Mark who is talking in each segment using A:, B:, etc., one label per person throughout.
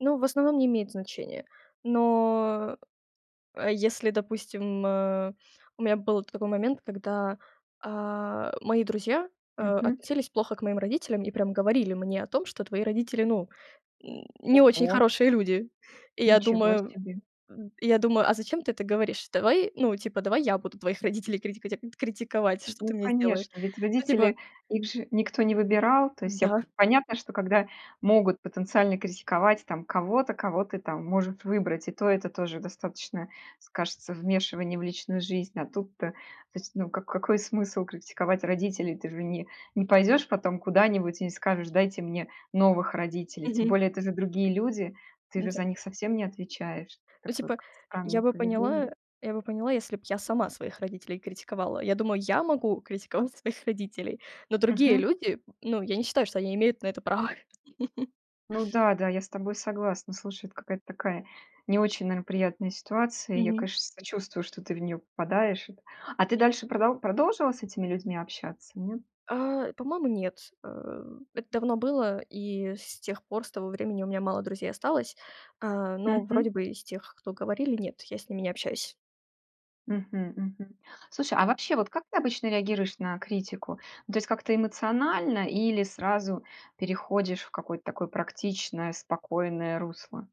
A: Ну, в основном, не имеет значения. Но. Э, если, допустим, э У меня был т такой момент, когда, а, мои друзья, э,
B: Мгм.
A: относились плохо к моим родителям и прям говорили мне о том, что "твои родители, ну, не очень
B: Ого!
A: хорошие люди". И я
B: Ничего
A: думаю
B: себе.
A: м, я думаю: "А зачем ты это говоришь? Давай, ну, типа, давай я буду твоих родителей критикатят критиковать-
B: Н
A: что ты
B: ну,
A: мне сделаешь?"
B: конечно. Ведь
A: Ну, типа
B: родители, их же никто не выбирал. То есть, я
A: Да.
B: понятно, что когда могут потенциально критиковать там кого-то, кого ты там может выбрать, и то это тоже достаточно, скажется, вмешивание в личную жизнь, а тут-то. То есть, ну, ка какой смысл критиковать родителей? Ты же не не пойдешь потом куда-нибудь и не скажешь: "Дайте мне новых родителей". Тем
A: Мгм.
B: более это же другие люди. Ты же
A: Н-да.
B: за них совсем не отвечаешь.
A: Ну,
B: Такое
A: типа,
B: как
A: я
B: странное
A: бы поняла
B: поведение.
A: я бы поняла, если б я сама своих родителей критиковала. Я думаю, я могу критиковать своих родителей. Но другие
B: Мгм.
A: люди, ну, я не считаю, что они имеют на это право.
B: Ну да-да, я с тобой согласна. Слушай, это какая-то такая не очень, наверно, приятная ситуация. Я,
A: Мгм.
B: конечно, сочувствую, что ты в неё попадаешь. А ты дальше продол продолжила с этими людьми общаться, нет?
A: А, по-моему, нет, э. Это давно было, и, с тех пор, с того времени у меня мало друзей осталось, а, но
B: Мгм.
A: вроде бы из тех, кто говорили, нет, я с ними не общаюсь.
B: Мгм, мгм. Слушай, а вообще, вот как ты обычно реагируешь на критику? Ну, то есть как-то эмоционально или сразу переходишь в какое-то такое практичное, спокойное русло?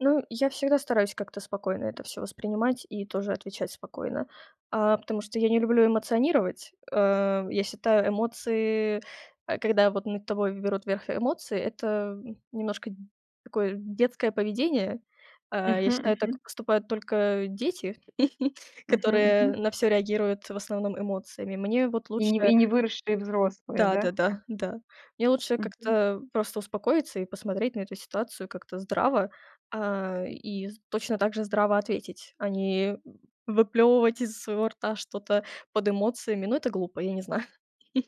A: Ну, я всегда стараюсь как-то спокойно это всё воспринимать и тоже отвечать спокойно. А, потому что я не люблю эмоционировать. Э, я считаю эмоции э, когда вот над тобой берут верх эмоции- это немножко д такое детское поведение. А, я
B: Мгм,
A: считаю, так
B: мгм.
A: поступают только дети,
B: Мгм,
A: которые
B: мгм.
A: на всё реагируют в основном эмоциями. Мне вот
B: И не вы и
A: лучше
B: не выросшие взрослые, да?
A: Да-да-да, да. Мне лучше как-то,
B: Мгм.
A: э, просто успокоиться и посмотреть на эту ситуацию как-то здраво, а, и з точно так же здраво ответить, а не выплёвывать из своего рта что-то под эмоциями. Ну, это глупо, я не знаю.